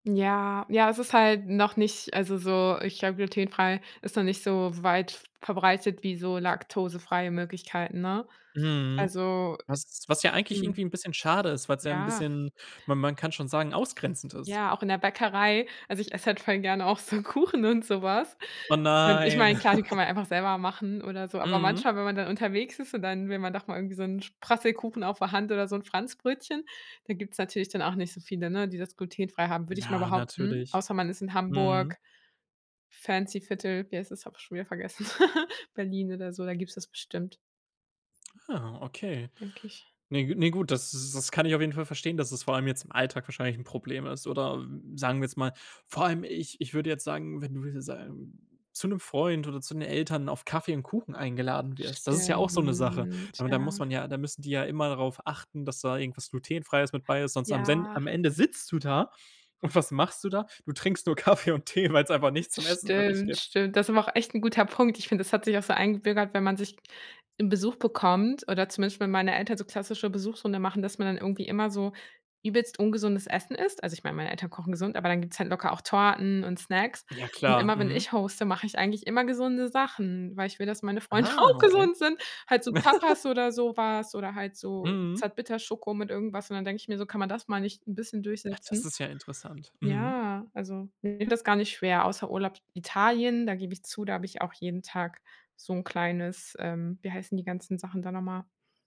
Ja, ja, das ist halt noch nicht also so, ich glaube, glutenfrei ist noch nicht so weit v verbreitet wie so laktosefreie Möglichkeiten, ne? Mhm. Also Was was ja eigentlich Mhm. irgendwie 'n bisschen schade ist, weil's ja 'n Ja. bisschen, man man kann schon sagen, ausgrenzend ist. Ja, auch in der Bäckerei, also ich esse halt voll gerne auch so Kuchen und so was. Oh Und ich nein. meine, klar, die kann man einfach selber machen oder so. Aber Mhm. manchmal, wenn man dann unterwegs ist, und dann will man doch mal irgendwie so 'n Sp Prasselkuchen auf der Hand oder so 'n Franzbrötchen, da gibt's natürlich dann auch nicht so viele, ne, die das glutenfrei haben, würde ich mal Ja, behaupten. natürlich. Außer man ist in Mhm. Hamburg- fancy Viertel- wie heißt das, habe ich schon wieder vergessen, Berlin oder so, da gibt es das bestimmt. Ah, okay. Denke ich. Ne g ne gut, das s kann ich auf jeden Fall verstehen, dass es vor allem jetzt im Alltag wahrscheinlich 'n Problem ist. Oder sagen wir jetzt mal, vor allem, ich ich würde jetzt sagen, wenn du wenn du [unintelligible] zu 'nem Freund oder zu den Eltern auf Kaffee und Kuchen eingeladen wirst, das ist ja auch so 'ne Sache. Stimmt. Aber da muss Ja. man ja da müssen die ja immer darauf achten, sonst am Sen Ja. am Ende sitzt du da und was machst du da? Du trinkst nur Kaffee und Tee, weil's einfach nichts zum Essen für dich Stimmt. gibt. Stimmt. Das ist aber auch echt 'n guter Punkt. Ich finde, das hat sich auch so eingebürgert, wenn man sich im Besuch bekommt oder zumindest, wenn meine Eltern so klassische Besuchsrunde machen, dass man dann irgendwie immer so übelst ungesundes Essen isst. Also ich mein, meine Eltern kochen gesund, aber dann gibt's halt locker auch Torten und Snacks. Ja Und klar. immer, wenn Mhm. ich hoste, mache ich eigentlich immer gesunde Sachen, weil ich will, dass meine Freunde Ah, auch okay. gesund sind. Halt so Tapas oder so was oder halt so Mhm. Zartbitterschoko mit irgendwas und dann denke ich mir so: „Kann man das mal nicht ein bisschen Ach, das durchsetzen?“ ist ja interessant. Mhm. Ja, also mir fällt das gar nicht schwer, außer Urlaub in Italien, da gebe ich zu, da habe ich auch jeden Tag so 'n kleines, ähm wie heißen die ganzen Sachen da nochmal?